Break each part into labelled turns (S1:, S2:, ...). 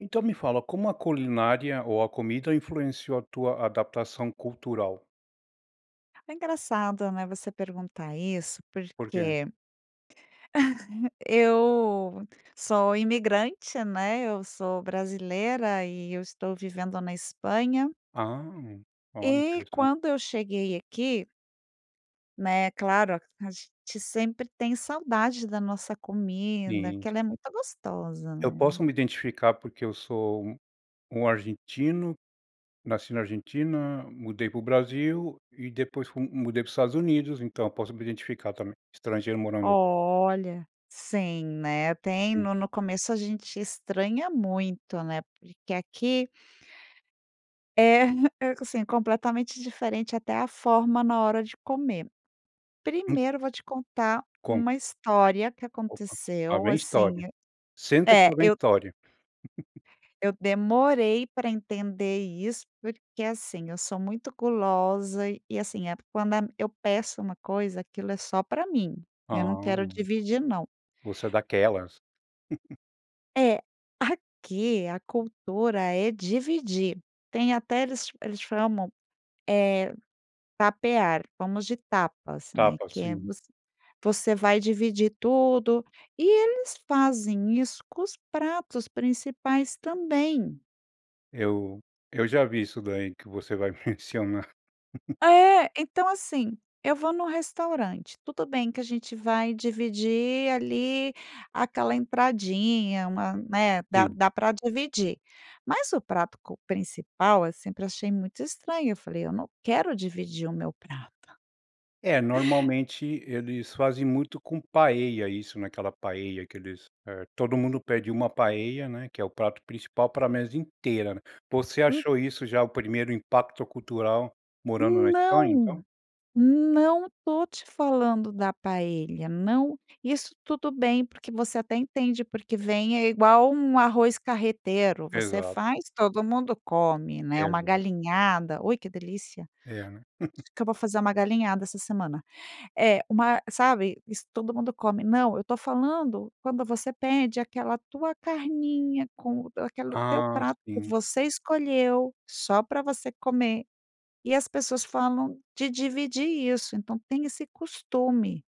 S1: Então, me fala, como a culinária ou a comida influenciou a tua adaptação cultural?
S2: É engraçado, né, você perguntar isso,
S1: Por quê?
S2: porque eu sou imigrante, né, eu sou brasileira e eu estou vivendo na Espanha.
S1: Hã, olha,
S2: E
S1: interessante.
S2: quando eu cheguei aqui né, claro, a gente sempre tem saudade da nossa comida,
S1: Sim,
S2: que ela é
S1: sim.
S2: muito gostosa,
S1: Eu posso
S2: né.
S1: me identificar, porque eu sou um um argentino, nasci na Argentina, mudei para o Brasil e depois fu mudei para o Estados Unidos, então, posso me identificar também, estrangeiro morando
S2: Olha! Sim, né? Tem
S1: Sim.
S2: no no começo a gente estranha muito, né, porque aqui É, hã, é co sim, completamente diferente até a forma na hora de comer.
S1: Hum.
S2: Primeiro, eu vou te contar
S1: Como?
S2: uma história que
S1: Opa, lá
S2: aconteceu
S1: vem
S2: assim,
S1: história. Senta que
S2: é É
S1: lá vem
S2: eu
S1: história.
S2: eu demorei pra entender isso, porque assim, eu sou muito gulosa e assim, eh, quando, a eu peço uma coisa, aquilo é só pra mim,
S1: Ah,
S2: eu não quero
S1: bom.
S2: dividir não.
S1: Você é daquelas.
S2: É, aqui a cultura é dividir, tem até eles eles chamam, eh, tapear, fomos de tapas, né,
S1: Tapas,
S2: que é
S1: sim.
S2: você você vai dividir tudo e eles fazem isso com os pratos principais também.
S1: Eu eu já vi isso daí, que você vai mencionar.
S2: É, então assim, eu vou num restaurante, tudo bem que a gente vai dividir ali aquela entradinha, uma, né, dá
S1: Sim.
S2: dá pra dividir. Mas o prato co principal sempre achei muito estranho. Eu falei: "Eu não quero dividir o meu prato!".
S1: É, normalmente, eles fazem muito com paella isso, naquela paella que eles, eh, todo mundo pede uma paella, né, que é o prato principal para a mesa inteira, né. Você
S2: Hum.
S1: achou isso já o primeiro impacto cultural morando na Espanha,
S2: Não,
S1: então?
S2: não tô te falando da paella, não. Isso tudo bem, porque você até entende, porque vem é igual um arroz carreteiro. Você
S1: Exato.
S2: faz, todo mundo come, né, uma
S1: Exato.
S2: galinhada, ui, que delícia.
S1: É, né.
S2: Acho que eu vou fazer uma galinhada essa semana é uma sabe, isso todo mundo come, não. Eu tô falando quando você pede aquela tua carninha com aquele teu
S1: Ah,
S2: prato, que
S1: sim.
S2: você escolheu, só pra você comer, e as pessoas falam de dividir isso. Então, tem esse costume.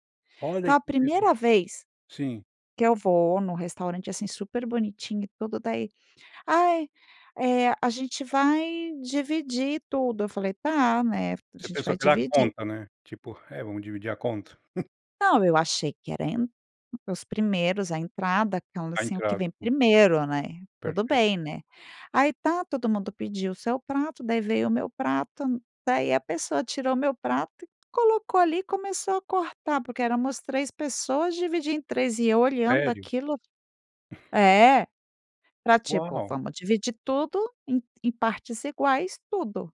S2: Então,
S1: Olha que
S2: a
S1: interessante,
S2: primeira vez
S1: sim.
S2: que eu vou num restaurante, assim, super bonitinho e tudo daí, "Ai, eh, a gente vai dividir tudo.", eu falei: "Tá, né, a
S1: Você
S2: gente
S1: pensou
S2: vai
S1: que era a
S2: dividir.".
S1: conta, né? Tipo, "É, vamos dividir a conta.".
S2: Não, eu achei que era a en os primeiros, a entrada quando,
S1: A
S2: assim, o que
S1: entrada
S2: vem
S1: com
S2: primeiro, né? Tudo
S1: Perfeito.
S2: bem, né? Aí, tá, todo mundo pediu o seu prato, daí veio o meu prato, daí a pessoa tirou o meu prato e colocou ali e começou a cortar porque éramos 3 pessoas dividir em 3 e eu olhando
S1: Sério?
S2: aquilo. É, pra tipo:
S1: Uau.
S2: "Vamos dividir tudo em em partes iguais, tudo.".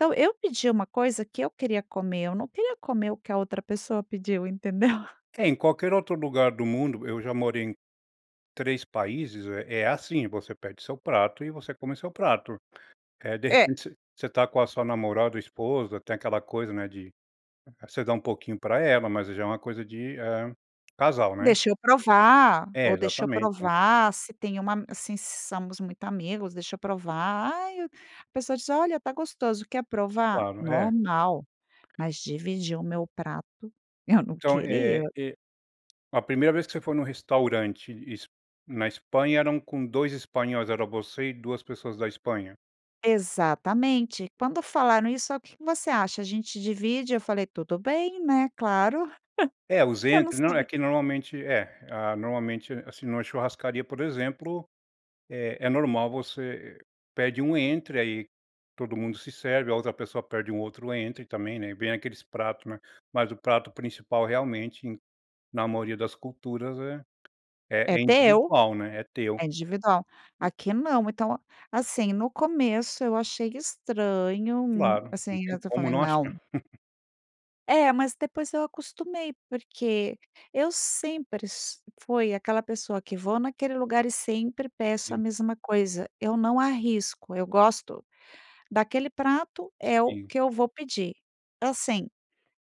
S2: Então, eu pedi uma coisa que eu queria comer, eu não queria comer o que a outra pessoa pediu, entendeu?
S1: É, em qualquer outro lugar do mundo eu já morei em 3 países eh é assim, você pede seu prato e você come seu prato, eh, de
S2: É.
S1: repente, você você tá com a sua namorada ou esposa, tem aquela coisa, né, de você dá um pouquinho pra ela, mas aí já é uma coisa de, eh, casal, né?
S2: Deixa eu provar
S1: É,
S2: ou deixa eu
S1: exatamente, então...
S2: provar se tem uma assim se somos muito amigos, deixa eu provar. Ai, eu A pessoa diz: "Olha, tá gostoso, quer provar?".
S1: Claro. É.
S2: Normal. Mas dividir o meu prato, eu não
S1: Então,
S2: queria.
S1: eh eh a primeira vez que você foi num restaurante es na Espanha, eram com 2 espanhóis, era você e 2 pessoas da Espanha?
S2: Exatamente. Quando falaram isso: "O que que você acha? a gente divide?". Eu falei: "Tudo bem, né, claro.".
S1: É os
S2: Eu não
S1: entry não, é
S2: sabi
S1: que normalmente, é. Ah, normalmente, assim, numa churrascaria, por exemplo, é é normal você pede um entry aí, todo mundo se serve, a outra pessoa pede um outro entry também, né, e vem aqueles pratos, né. Mas o prato principal, realmente, em na maioria das culturas, é
S2: É
S1: é
S2: teu,
S1: individual, né, é teu.
S2: é individual.
S1: E
S2: Aqui não. Então, assim, no começo eu achei estranho, hum,
S1: Claro,
S2: assim
S1: não
S2: ainda
S1: tem
S2: até
S1: como
S2: falei:
S1: não
S2: "Não!".
S1: achar.
S2: É, mas, depois, eu acostumei, porque eu sempre s fui aquela pessoa que vou naquele lugar, e sempre peço a
S1: Sim.
S2: mesma coisa, eu não arrisco, eu gosto daquele prato é o
S1: Sim.
S2: que eu vou pedir. Assim,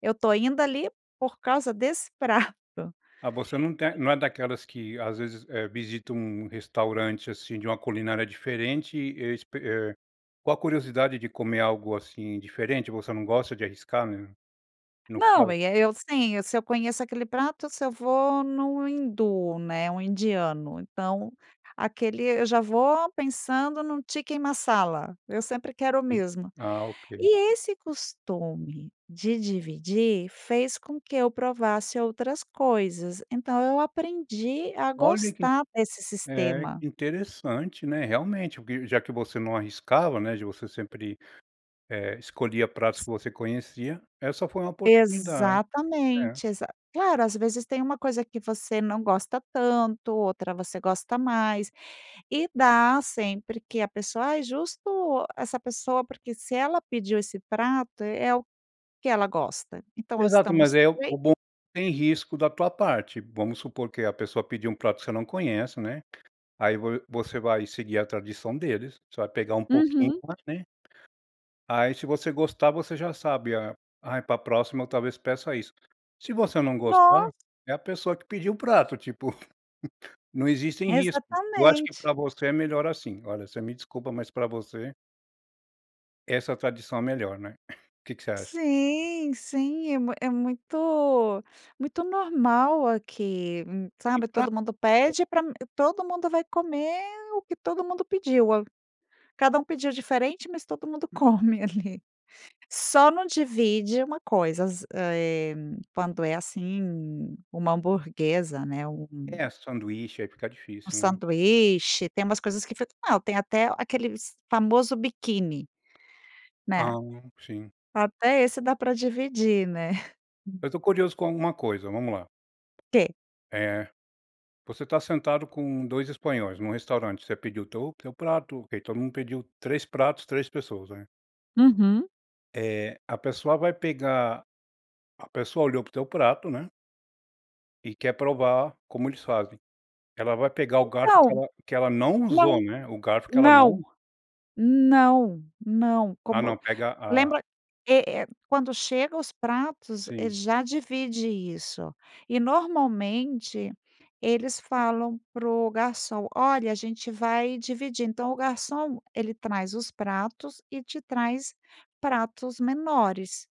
S2: eu tô indo ali, por causa desse prato.
S1: Mas você não tem não é daquelas que, às vezes, eh, visita um um restaurante, assim, de uma culinária diferente e espe eh, com a curiosidade de comer algo assim diferente. Você não gosta de arriscar né, no
S2: Não,
S1: caso?
S2: e aí, eu sim, se eu conheço aquele prato, se eu vou num hindu, né, um indiano, então, aquele eu já vou pensando num Chicken Marsala, eu sempre quero o
S1: Sim,
S2: mesmo.
S1: ah ok.
S2: E esse costume, de dividir, fez com que eu provasse outras coisas. Então, eu aprendi a
S1: Olha que in
S2: gostar desse
S1: é,
S2: sistema.
S1: interessante, né. Realmente o que já que você não arriscava, né, de você sempre, eh, escolhia pratos que você conhecia, essa foi uma oportunidade. É.
S2: Exatamente, exa claro, às vezes, tem uma coisa que você não gosta tanto, outra você gosta mais, e dá sempre que a pessoa aí justo essa pessoa. Porque, se ela pediu esse prato, é o que ela gosta, então,
S1: Exato, mas
S2: estamos
S1: aí é o
S2: bem.
S1: bom que é sem risco da tua parte. Vamos supor que a pessoa pediu um prato que você não conhece, né, aí, vo você vai seguir a tradição deles, você vai pegar um pouquinho
S2: Uhum.
S1: mais né Aí se você gostar você já sabe, a ai pra próxima eu talvez peça isso. Se você não gostar,
S2: Nos
S1: é a pessoa que pediu o prato tipo, não existem risco. Eu acho que pra
S2: Exatamente.
S1: você é melhor assim. Olha você me desculpa mas pra você... essa tradição é melhor, né? O que que você acha?
S2: Sim, sim. É mui é muito muito normal aqui, hum,
S1: Que
S2: sabe, todo
S1: prato
S2: mundo
S1: [unintelligible]
S2: pede pra todo mundo vai comer o que todo mundo pediu. Cada um pediu diferente, mas todo mundo come ali. Só não divide uma coisa, za eh, quando é assim um uma hamburguesa, né, um
S1: É, sanduíche, aí fica
S2: um
S1: difícil, né.
S2: sanduíche, tem umas coisas que foi não, tem até aqueles famoso biquíni. Né,
S1: Ah, sim.
S2: até esse dá pra dividir, né.
S1: Eu tô curioso com alguma coisa. Vamos lá!
S2: Quê?
S1: É. Você tá sentado com dois espanhóis num restaurante, você pediu teu teu prato, ok, todo mundo pediu 3 pratos, 3 pessoas né.
S2: Uhum.
S1: Eh, a pessoa vai pegar a pessoa olhou pro teu prato, né e quer provar como eles fazem. Ela vai pegar o garfo que
S2: Então,
S1: ela que ela não usou,
S2: não,
S1: né, o garfo que ela
S2: não,
S1: não
S2: não, não!
S1: Ah,
S2: Como
S1: não, pega a
S2: lembra, eh eh, quando chegam os pratos, eh,
S1: Sim.
S2: já divide isso e, normalmente, eles falam pro garçom: "Olha, a gente vai dividir.". Então, o garçom ele traz os pratos e te traz pratos menores.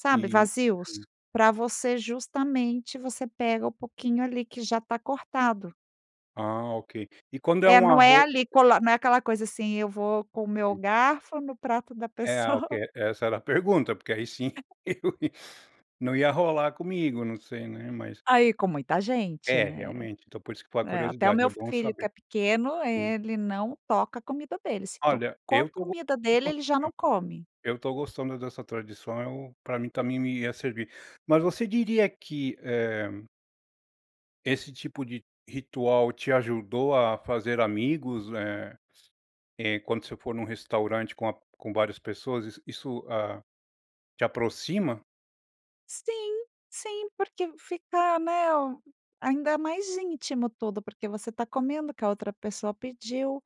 S2: Sabe,
S1: Eh
S2: vazios?
S1: sim.
S2: Pra você justamente você pega o pouquinho ali que já está cortado.
S1: Ah, ok. E quando é
S2: É,
S1: um
S2: não é
S1: arro
S2: ali cola não é aquela coisa, assim, eu vou com o meu
S1: Sim.
S2: garfo no prato da
S1: É,
S2: pessoa.
S1: al que Essa era a pergunta, porque aí sim, não ia rolar comigo, não sei, né, mas
S2: Ah, e com muita gente,
S1: É,
S2: né?
S1: realmente, então, por isso que foi a
S2: É, até o
S1: curiosidade,
S2: meu
S1: é bom
S2: filho, que
S1: saber.
S2: é pequeno,
S1: Sim.
S2: ele: "Não toca a comida dele!". Se
S1: Olha,
S2: tocou a
S1: eu tô
S2: comida dele,
S1: [unintelligible]
S2: ele já não come.
S1: eu tô gostando dessa tradição, eu, pra mim também me ia servir mas você diria que, eh esse tipo de ritual te ajudou a fazer amigos, eh eh, quando você for num restaurante com a com várias pessoas, is isso, hã, te aproxima?
S2: Sim, sim, porque v fica né, m ainda mais íntimo tudo porque você tá comendo o que a outra pessoa pediu,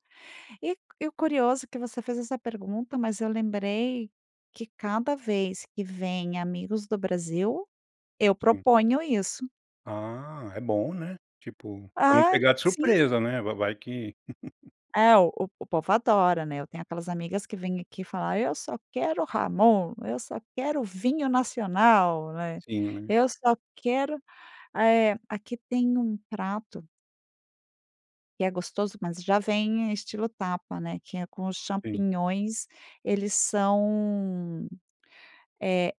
S2: e e o curioso que você fez essa pergunta, mas eu lembrei que cada vez que vêm amigos do Brasil, eu
S1: Sim.
S2: proponho isso.
S1: Ah, é bom né, tipo, pra não
S2: Ah,
S1: pegar de
S2: sim.
S1: surpresa né, vai vai que
S2: É o o povo adora né? Eu tenho aquelas amigas que vêm aqui falar: "Eu só quero jamón, eu só quero vinho nacional, né,
S1: Sim né.
S2: eu só quero, ah eh aqui tem um prato que é gostoso, mas já vem estilo tapa, né, que é com os
S1: Sim.
S2: champignons eles são, eh, a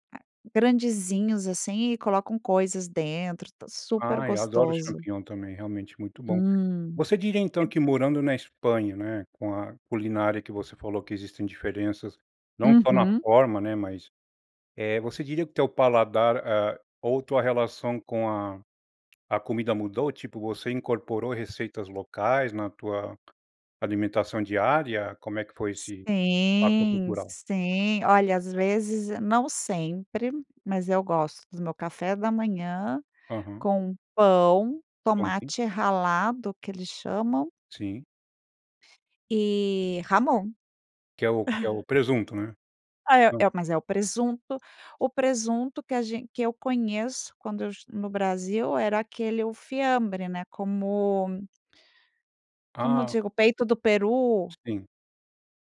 S2: grandizinhos, assim, e colocam coisas dentro, tá super
S1: Ai eu adoro o
S2: gostoso!
S1: Champignon também, realmente é muito bom.
S2: Hum,
S1: Você diria então
S2: é
S1: que morando na Espanha, né, com a culinária que você falou que existem diferenças, não só na
S2: Uhum.
S1: forma, né, mas, eh, você diria que o teu paladar, eh, ou tua relação com a a comida mudou? Tipo, você incorporou receitas locais na tua alimentação diária? Como é que foi esse impacto
S2: Sim,
S1: cultural?
S2: sim, olha, às vezes, n não sempre, mas eu gosto do meu café da manhã,
S1: Aham.
S2: com pão,
S1: Uhum.
S2: tomate ralado que eles chamam
S1: Sim.
S2: e jamón.
S1: Que é o que é o presunto, né?
S2: Ah, é
S1: Hã.
S2: é mas, é o presunto o presunto que a gen que eu conheço quando eu est no Brasil era aquele o fiambre né, como como
S1: Ah.
S2: digo o peito do peru.
S1: Sim.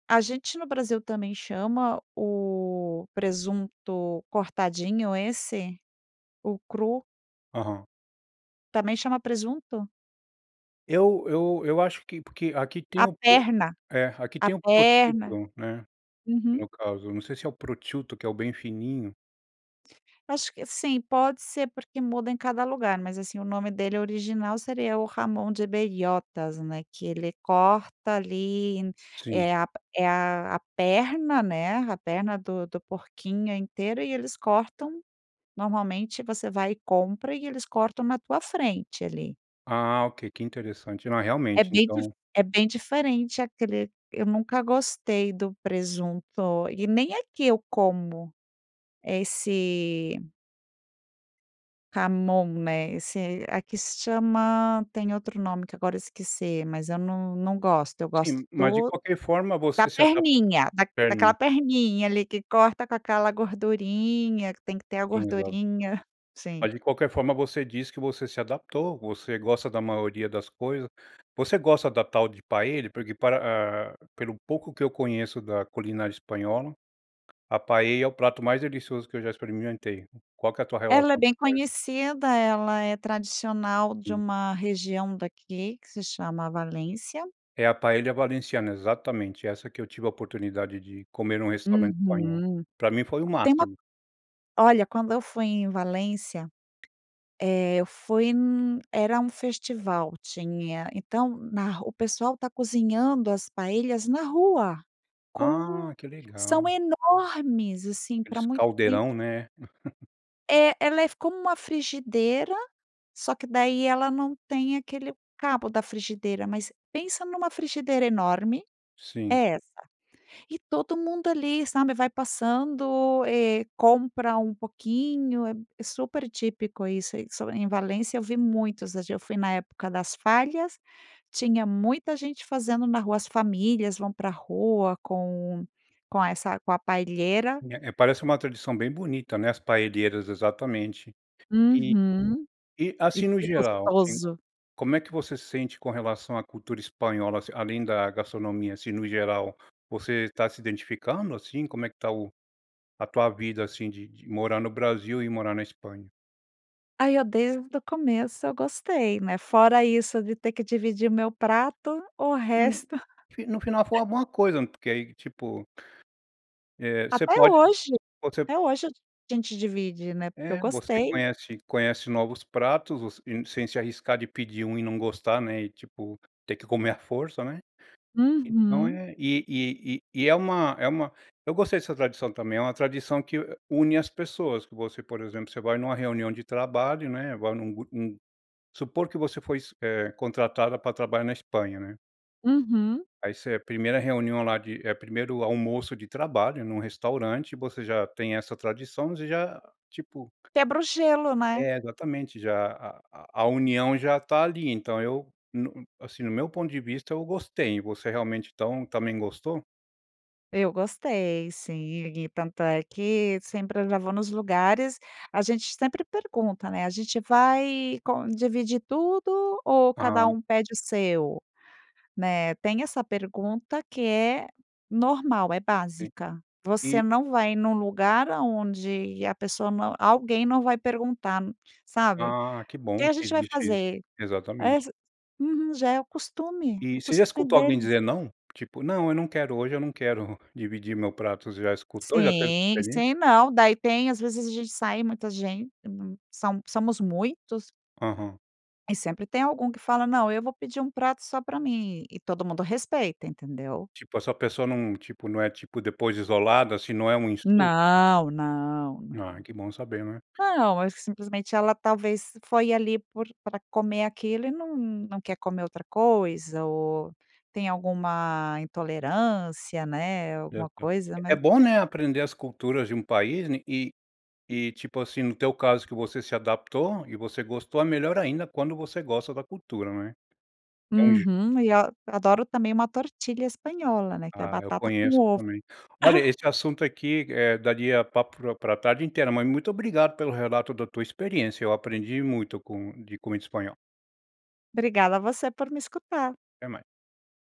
S2: A gente no Brasil também chama o presunto cortadinho esse, o cru
S1: Aham.
S2: também chama presunto?
S1: Eu eu eu acho que porque aqui tem
S2: A
S1: o pro
S2: perna,
S1: eh, aqui, eh,
S2: a
S1: tem o
S2: perna.
S1: prosciutto, é.
S2: Uhum.
S1: No caso, não sei se é o prosciutto, que é o bem fininho.
S2: Acho que sim, pode ser porque muda em cada lugar, mas, assim, o nome dele original seria o jamón de Bellotas. né que ele corta ali,
S1: Sim.
S2: é a é a perna, né, a perna do do porquinho inteiro e eles cortam, normalmente, você vai e compra e eles cortam na tua frente ali.
S1: Ah, ok, que interessante, não é
S2: É
S1: realmente,
S2: bem cur
S1: então
S2: é bem diferente aquele eu nunca gostei do presunto e nem aqui eu como, esse jamón, né, esse aqui se chama tem outro nome que agora esqueci, mas eu não não gosto, eu gosto
S1: Sim, mas de
S2: do
S1: qualquer forma
S2: da
S1: você se adapt
S2: perninha, da daquela
S1: perninha.
S2: perninha, ali que corta com aquela gordurinha, que tem que ter a
S1: Sim, exato.
S2: gordurinha, sim.
S1: Mas de qualquer forma você diz que você se adaptou, você gosta da maioria das coisas. Você gosta da tal de paella? Porque pra eh, pelo pouco que eu conheço da culinária espanhola, a paella é o prato mais delicioso que eu já experimentei. Qual que é a tua
S2: Ela é
S1: relação com
S2: bem
S1: a paella?
S2: conhecida, ela é tradicional de
S1: Hum.
S2: uma região daqui, que se chama Valência.
S1: É a paella valenciana exatamente essa que eu tive a oportunidade de comer num restaurante espanhol.
S2: Uhum.
S1: Pra mim foi o
S2: Tem uma
S1: máximo!
S2: olha, quando eu fui em Valência, eh, eu fui n era festival tinha então, na ru o pessoal tá cozinhando as paellas na rua, com
S1: Ah, que
S2: são
S1: legal!
S2: enormes, assim, pra
S1: Aqueles
S2: muita
S1: caldeirão,
S2: gente.
S1: né?
S2: É. Ela é f como uma frigideira, só que daí, ela não tem aquele cabo da frigideira, mas pensa numa frigideira enorme.
S1: Sim.
S2: É essa. E todo mundo ali, sabe vai passando, eh, compra um pouquinho. É é super típico isso aí só [unintelligible] Em Valência, eu vi muitos. [unintelligible] Eu fui na época das Fallas. Tinha muita gente fazendo na rua. As famílias vão pra rua com com essa com a paellera.
S1: É é parece uma tradição bem bonita né, as paelleras, exatamente. E
S2: Uhum.
S1: e
S2: E e
S1: assim no
S2: que
S1: geral, assim,
S2: gostoso.
S1: como é que você se sente com relação à cultura espanhola, assim além da gastronomia, assim no geral. Você tá se identificando assim? Como é que tá o a tua vida assim de de morar no Brasil e morar na Espanha?
S2: Aí, eu desde o começo, eu gostei, né. Fora isso de ter que dividir meu prato, o
S1: [unintelligible] No
S2: resto
S1: fi no final foi uma boa coisa porque aí, tipo, eh, você
S2: Até
S1: pode
S2: hoje.
S1: você
S2: Até hoje, a gente divide, né, porque eu
S1: É, você
S2: gostei.
S1: conhece conhece novos pratos, você e sem se arriscar de pedir um e não gostar né, e tipo, ter que comer a força, né. Então,
S2: Uhum.
S1: é e e e e é uma é uma eu gostei dessa tradição também. É uma tradição que, hã, une as pessoas. Você, por exemplo, você vai numa reunião de trabalho, né? Agora, num grupo, num supor que você foi s eh, contratada pra trabalhar na Espanha, né?
S2: Uhum.
S1: Aí, você a primeira reunião lá de eh, primeiro almoço de trabalho num restaurante, você já tem essa tradição, você já tipo
S2: Quebra o gelo, né?
S1: É, exatamente. Já a a a união já tá ali. Então eu no assim, no meu ponto de vista, eu gostei. Você realmente então também gostou?
S2: Eu gostei, sim. E tanto é que, sempre eu já vou nos lugares, a gente sempre pergunta, né. A gente vai con dividir tudo ou cada
S1: Aham.
S2: pede o seu, né. Tem essa pergunta, que é normal. É
S1: Sim.
S2: básica.
S1: E
S2: Você não vai num lugar aonde a pessoa não alguém não vai perguntar n sabe? "O
S1: Ah, que
S2: que
S1: bom
S2: a
S1: que
S2: gente vai
S1: existe isso.
S2: fazer?"
S1: Exatamente.
S2: Esse Uhum. Já é o costume. É
S1: E
S2: o
S1: você já
S2: costume
S1: escutou alguém
S2: deles.
S1: dizer "não"? Tipo, "não, eu não quero. Hoje eu não quero dividir o meu prato". Você já escutou já teve essa
S2: Sim.
S1: experiência?
S2: Sei não. Daí tem às vezes, a gente sai muita gente são somos muitos.
S1: Aham.
S2: E sempre tem algum que fala; "Não, eu vou pedir um prato só pra mim". E todo mundo respeita, entendeu?
S1: Tipo, essa pessoa não tipo, não é, tipo depois isolada assim, não é um insulto?
S2: Não, não, não.
S1: Ai que bom saber, não é.
S2: Não. Eu acho que simplesmente ela, talvez, foi ali por pra comer aquilo e não não quer comer outra coisa. Ou tem alguma intolerância, né, alguma
S1: Exa
S2: coisa.
S1: É
S2: Mas
S1: bom, né, aprender as culturas de um país, né? E e tipo assim, no teu caso, que você se adaptou e você gostou. É melhor ainda quando você gosta da cultura, não é? Entendi
S2: Uhum. E ó, eu adoro também uma tortilla espanhola, né, que é
S1: Ah, eu
S2: batata com
S1: conheço
S2: ovo.
S1: também. Olha, esse assunto aqui, eh, daria papo pro pra tarde inteira, mas muito obrigado pelo relato da tua experiência. Eu aprendi muito com de como é o espanhol.
S2: Obrigada você por me escutar.
S1: Até mais.